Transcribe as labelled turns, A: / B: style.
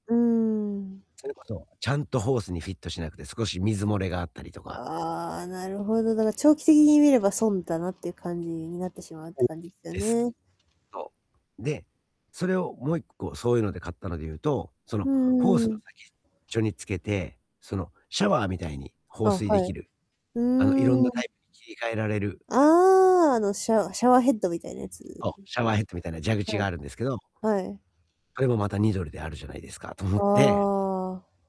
A: うーん。
B: それこそ、ちゃんとホースにフィットしなくて少し水漏れがあったりとか。
A: ああ、なるほど、だから長期的に見れば損だな、っていう感じになってしまうって
B: そう
A: 感じですよ
B: です。
A: ね。
B: そう。で、それをもう1個そういうので買ったので言うと、そ
A: う
B: の、
A: ん
B: ホ
A: う
B: ース
A: ん
B: の
A: うん。
B: 先っちょにつけて、そのシャワーみたいに
A: あ、
B: 放水で
A: は
B: き
A: い、
B: る、
A: う
B: あの、いろんなタ
A: ん。
B: イプに切り替えられる
A: ああ、あの、シャワシャワーヘッドみたいなやつ。
B: そう、シャワーヘッドみたいな蛇口
A: は
B: が
A: い。
B: あるんですけど。
A: はい。
B: あれもまた2ドルであるじゃないですか、と思
A: あ
B: って。
A: あ。